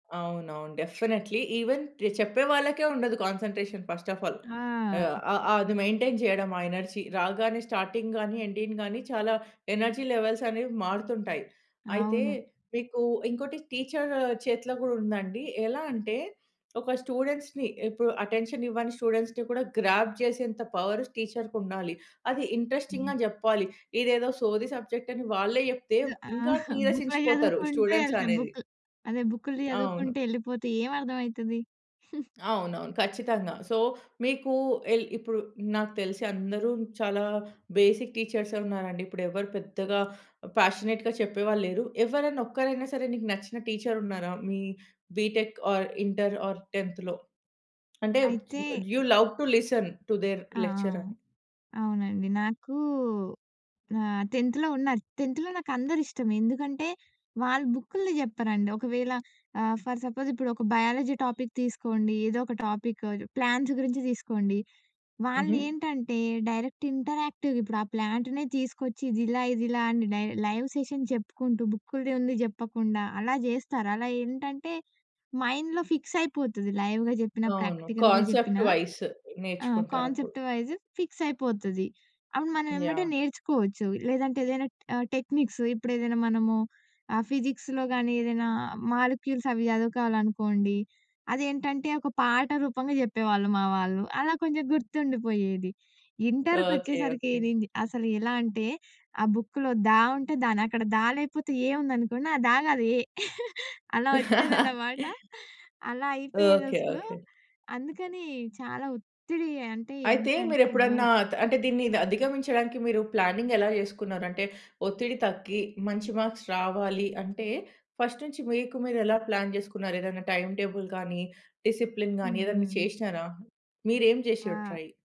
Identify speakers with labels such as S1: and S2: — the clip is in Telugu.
S1: అవునవును. డెఫినైట్‌లి, ఈవెన్ ర్ చెప్పే వాళ్ళకే ఉండదు కాన్సన్‌ట్రేషన్ ఫస్ట్ ఆఫ్ ఆల్. అ
S2: ఆ!
S1: అ అది మెయింటైన్ చేయడం ఆ ఎనర్జీ రాగానే స్టార్టింగ్ గాని, ఎండింగ్ గాని చాలా ఎనర్జీ లెవెల్స్ అనేవి మారుతుంటాయి. అయితే,
S2: అవును.
S1: మీకు ఇంకోటి టీచర్ చేతిలో కూడా ఉందండి. ఎలా అంటే, ఒక స్టూడెంట్స్‌ని ఇప్పుడు అటెన్షన్ ఇవ్వని స్టూడెంట్స్‌ని కూడా గ్రాబ్ చేసేంత పవర్ టీచరుకుండాలి. అది
S2: హ్మ్.
S1: ఇంట్రెస్టింగ్‌గా జెప్పాలి. ఇదేదో సోది సబ్జెక్ట్ అని వాళ్ళే చెప్తే, ఇంకా
S2: ఆహా! బుక్‌లో
S1: నీరసించిపోతారు
S2: చదువుకుంటూ
S1: స్టూడెంట్స్
S2: ఎళ్తా
S1: అనేది.
S2: బుక్ అదే, బుక్‌లు
S1: అవును.
S2: చదువుకుంటూ ఎళ్ళిపోతే ఏం అర్థమయితది?
S1: అవునవును, ఖచ్చితంగా. సో, మీకు ఎల్ ఇప్పుడు నాకు తెలిసి అందరు చాలా బేసిక్ టీచర్సే ఉన్నారండి. ఇప్పుడెవరు పెద్దగా ఫ్యాషనేట్‌గా చెప్పేవాళ్ళు లేరు. ఎవరన్నా ఒక్కరైనా సరే, మీకు నచ్చిన టీచర్ ఉన్నారా మీ బీటెక్ ఆర్, ఇంటర్ ఆర్, 10 థ్‌లో అంటే
S2: అయితే
S1: you love to listen‌ to there‌
S2: ఆ! ఆ!
S1: లెక్చర్ అని.
S2: అవునండి. నాకు ఆహ్, 10 థ్‌లో ఉన్నారు. 10 థ్‌లో నాకందరు ఇష్టమే. ఎందుకంటే, వాళ్ళు బుక్కుల్ది చెప్పరండి. ఒకవేళ, ఆహ్, ఫర్ సపోజ్, ఇప్పుడు ఒక బయాలజీ టాపిక్ తీసుకోండి. ఏదో ఒక టాపిక్ ప్లాంట్స్ గురించి తీసుకోండి.
S1: హుహు.
S2: వాళ్ళేంటంటే, డైరెక్ట్ ఇంటరాక్టివ్‌గిప్పుడు ఆ ప్లాంటునే తీసుకొచ్చి ఇది ఇలా, ఇది ఇలా అని డై లైవ్ సెషన్ చెప్పుకుంటూ, బుక్కుల్ది ఉంది జెప్పకుండా అలా జేస్తారు. అలా ఏంటంటే, మైండ్‌లో ఫిక్స్ అయిపోతది లైవ్‌గా జెప్పిన,
S1: అవును.
S2: ప్రాక్టికల్‌గా
S1: కాన్సెప్ట్
S2: జెప్పినా.
S1: వైస్
S2: ఆ!
S1: నేర్చుకుంటారప్పుడు.
S2: కాన్సెప్ట్ వైస్ ఫిక్స్ అయిపోతది. అప్పుడు మనం వెంబటే
S1: యాహ్!
S2: నేర్చుకోవచ్చు. లేదంటే ఏదైనా ఆహ్, టెక్నిక్స్ ఇప్పుడేదైనా మనము ఆ ఫిజిక్స్‌లో కానీ, ఏదైనా మాలిక్యూల్స్ అవి సదువుకోవాలనుకోండి, అదేంటంటే ఒక పాట రూపంగా జెప్పేవాళ్ళు మా వాళ్ళు. అలా కొంచెం గుర్తుండిపోయేది.
S1: ఓకే.
S2: ఇంటరుకొచ్చేసరికి
S1: ఓకే.
S2: అసలు ఎలా అంటే, ఆ బుక్కులో దా ఉంటే, దా అని అక్కడ దా లేపోతే ఏ ఉందనుకోండి, ఆహ్, ద కాదు ఏ అలా ఒచ్చేదన్నమాట. అలా
S1: ఓకే.
S2: అయిపోయేదసలు.
S1: ఓకే.
S2: అందుకని చాలా ఒత్తిడి, అంటే
S1: అయితే
S2: ఏంటంటే
S1: మీరెప్పుడన్నా
S2: ఘోరం!
S1: అంటే దీన్ని అధిగమించడానికి మీరు ప్లానింగ్ ఎలా జేసుకున్నారు? అంటే ఒత్తిడి తగ్గి, మంచి మార్క్స్ రావాలి అంటే, ఫస్ట్ నుంచి మీకు మీరెలా ప్లాన్ జేసుకున్నారు? ఏదైనా టైమ్ టేబుల్ కానీ, డిసిప్లిన్ గాని ఏదన్నా
S2: హుహు.
S1: జేసినారా? మీరేం జేసిర్రు
S2: ఆ!
S1: ట్రై?